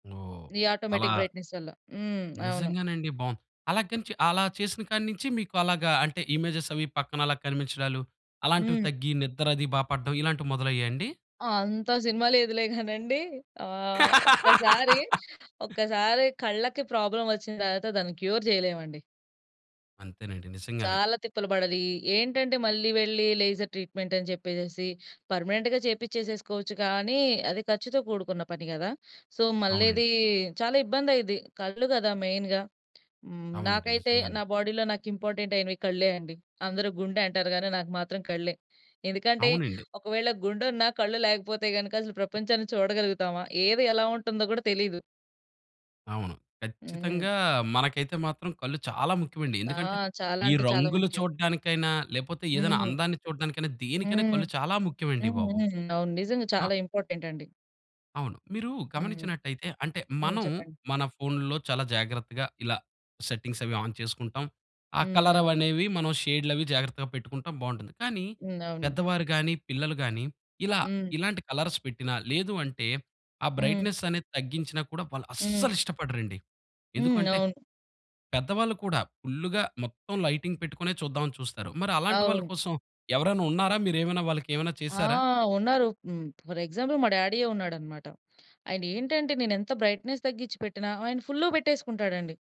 ఓహ్! ఈ అలా automatic brightness వల్ల. హ్మ్. అవును. నిజంగానండి. బాం అలా గానీ చే అలా చేసిన కాడ నించి మీకు అలాగా అంటే ఇమేజెస్ అవి పక్కన అలా కనిపించడాలు. అలాంటివి హ్మ్. తగ్గి నిద్రది బా పడ్డం ఇలాంటివి మొదలయ్యాయండి? ఆంత సినిమా లేదులే గానండి. ఆహ్, ఒక్కసారి, ఒక్కసారి కళ్ళకి ప్రాబ్లమ్ వచ్చిన తర్వాత దాన్ని క్యూర్ చేయలే‌మండి. అంతేనండి. నిజంగానే. చాలా తిప్పలు పడాలి. ఈ ఏంటంటే మళ్ళీ వెళ్లి లేజర్ ట్రీట్మెంటని చెప్పేసేసి పర్మనెంట్‌గా చేపించేసేసుకోవచ్చు గానీ అది ఖర్చుతో కూడుకున్న పని గదా! సో అవునండి. మళ్ళిది చాలా ఇబ్బందయిద్ది. కళ్ళు గదా మెయిన్‌గా హ్మ్. అవునండి. నాకైతే నిజంగానే. నా బాడీలో నాకింపార్టెంటయినవి కళ్ళే అండి! అందరూ గుండంటారు గానీ నాకు మాత్రం కళ్ళే. ఎందుకంటే అవునండి. ఒకవేళ గుండెన్న కళ్ళు లేకపోతే గనక అసలు ప్రపంచాన్ని చూడగలుగుతామా? ఏది ఎలా ఉంటుందో గూడా తెలీదు. అవును. హ్మ్. ఖచ్చితంగా మనకైతే మాత్రం కళ్ళు చాలా ముఖ్యమండి. ఆ! ఎందుకంటే చాలా ఈ అంటే చాలా రంగులు ముఖ్యం! చూడడానికైనా లేపోతే ఏదైనా హ్మ్. అందాన్ని చూడడానికైనా, దేనికైనా హ్మ్. కళ్ళు చాలా ముఖ్యమండి బాబు. హుహు. అవును. నిజంగా ఆ! చాలా ఇంపార్టెంటండి! అవును. మీరు హ్మ్. గమనించినట్టయితే అంటే హ్మ్. మనం చెప్పండి. మన ఫోనుల్లో చాలా జాగ్రత్తగా ఇలా సెట్టింగ్స్ అవి ఆన్ చేసుకుంటాం. ఆ హ్మ్. అవును. కలరవనేవి మనం షేడ్‌లవి జాగ్రత్తగా పెట్టుకుంటాం బావుంటుంది. కానీ హ్మ్. అవును. పెద్దవారు గానీ, పిల్లలు గానీ ఇలా హ్మ్. ఇలాంటి కలర్స్ పెట్టినా లేదంటే ఆ హ్మ్. బ్రైట్‌నెస్ అనేది తగ్గించినా కూడా హ్మ్. వాళ్ళస్సలు ఇష్టపడరండి. హ్మ్. ఎందుకంటే అవును. పెద్దవాళ్ళు కూడా ఫుల్లుగా మొత్తం లైటింగ్ పెట్టుకునే చూద్దామని చూస్తారు. మరి అలాంటి వాళ్ళు అవును. కోసం ఎవరైనా ఉన్నారా? మీరేమైనా వాళ్ళకేమైనా ఆ! చేసారా? ఉన్నారు. హ్మ్. ఫర్ ఎగ్జాంపుల్ మా డ్యాడీ‌యే ఉన్నాడనమాట. ఆయనేంటంటే నేనెంత బ్రైట్‌నెస్ తగ్గించి పెట్టిన ఆయన ఫుల్లుగా పెట్టేసుకుంటాడండి.